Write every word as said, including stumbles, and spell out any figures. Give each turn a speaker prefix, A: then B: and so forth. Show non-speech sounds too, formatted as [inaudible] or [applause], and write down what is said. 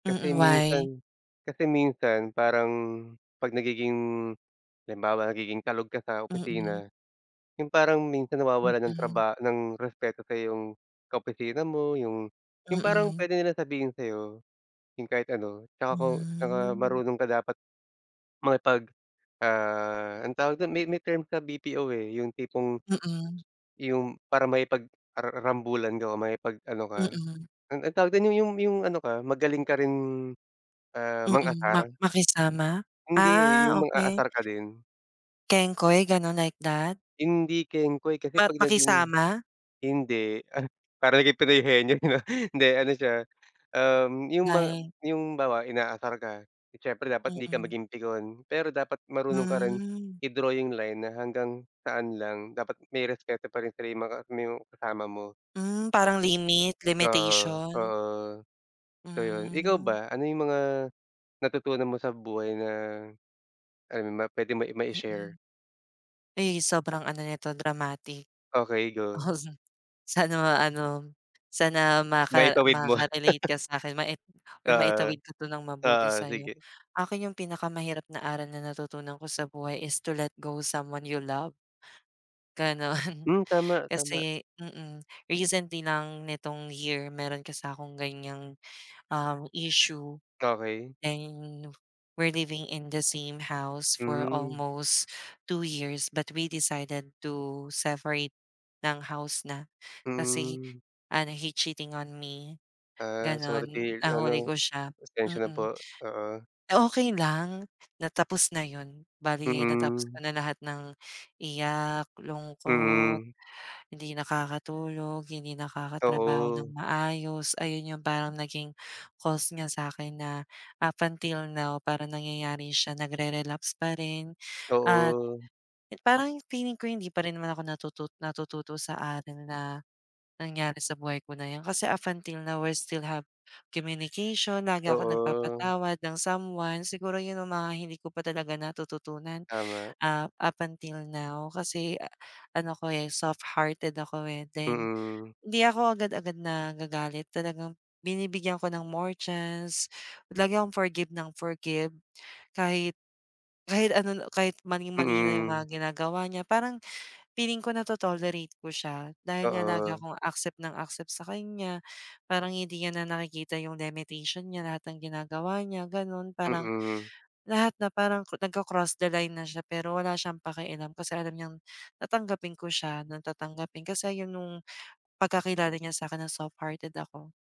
A: Kasi
B: Mm, why?
A: minsan kasi minsan parang 'pag nagiging halimbawa nagiging kalog ka sa
B: Mm.
A: opisina, yung parang minsan nawawalan ng
B: Mm.
A: traba ng respeto sayo yung ka-opisina mo, yung yung parang
B: Mm.
A: puwede nilang sabihin sa'yo yung kahit ano, tsaka kung tsaka
B: Hmm.
A: marunong ka dapat, makipag, ah, anong tawag dun may may term sa BPO, eh, yung tipong,
B: Mm.
A: yung para makipag-ara rambulan ka, makipag ano ka,
B: Mm.
A: an ano tawag dun, yung yung ano ka, magaling ka rin, ah,
B: Mm, ma
A: mang-asar.
B: makisama?
A: Hindi, eh,
B: Ah,
A: yung
B: okey.
A: mang-aasar ka din.
B: Kengkoy ganun, like that?
A: Hindi kengkoy kasi
B: Mat
A: 'pag naging
B: makisama.
A: hindi, ah, parang yung Penoy Henyo 'no hindi ano siya, um, yung mga
B: Nay
A: yung bawa inaasar ka, siyempre dapat hindi ka
B: Mm.
A: maging pikon, pero dapat marunong ka rin,
B: Hmm.
A: i-draw yung line na hanggang saan lang. Dapat may respeto pa rin sila yung mga mo kasama mo.
B: Hmm, parang limit,
A: Oo,
B: limitation.
A: oo. So yun, ikaw
B: Hmm.
A: ba? Ano yung mga, natutunan mo sa buhay na, ano, puwede mo i ma-i-share?
B: Mm. Eh, sobrang ano nito dramatic.
A: Okey, go.
B: [chuckles] Sana nga ano, sana maka
A: Maitawid mo.
B: makakarelate ka sa'kin mai
A: [chuckles]
B: or
A: Oo,
B: maitawid ka 'to ng mabuti
A: oo,
B: sa'yo.
A: sige.
B: Akin yung pinakamahirap na aral na natutunan ko sa buhay is to let go someone you love. Ganun.
A: Hmm, tama, tama.
B: Kasi mm, recently lang nitong year, meron kasi akong ganiyang, um, issue.
A: Okey.
B: And we're living in the same house for
A: Hmm.
B: almost two years, but we decided to seferate ng house na, kasi
A: Hmm.
B: ano, he cheating on me,
A: Ah,
B: ganun.
A: sorry
B: Nahuli
A: ano,
B: ko siya.
A: pasensiya na
B: Mm.
A: po, oo.
B: Okey lang. Na tapos na yun. Bale natapos ko
A: Mm.
B: na lahat ng iyak, lungkot,
A: Mm.
B: hindi nakakatulog, hindi nakakatrabaho ng
A: Oo.
B: maayos, ayun yung parang naging cost niya sa'kin na up until now parang nangyayari siya, nagre-relapse pa rin. At
A: Oo.
B: parang feeling ko hindi pa rin naman ako natutot natututo sa aral na, nangyari sa buhay ko na 'yan, kasi up until now we still have communication, lagi akong
A: Oo.
B: nagpapatawad ng someone. Siguro yun yung mga hindi ko pa talaga natututunan,
A: Tama.
B: ah, up until now kasi ano ko, eh, soft-hearted ako, eh, then
A: Mm.
B: hindi ako agad-agad nagagalit, talagang binibigyan ko ng more chance, lagi akong forgive ng forgive kahit kahit ano, kahit maling-mali na yung
A: Mm.
B: mga ginagawa niya. Parang feeling ko nato-tolerate ko siya, dahil nga lagi
A: Oo.
B: akong accept ng accept sa kanya, parang hindi niya na nakikita yung lemetation niya, lahat ng ginagawa niya ganun. Parang,
A: Mm.
B: lahat na parang cro nagko-cross the line na siya, pero wala siyang pakialam, kasi alam niyang tatanggapin ko siya ng tatanggapin, kasi 'yan nung pagkakilala niya sa 'kin na soft-hearted ako.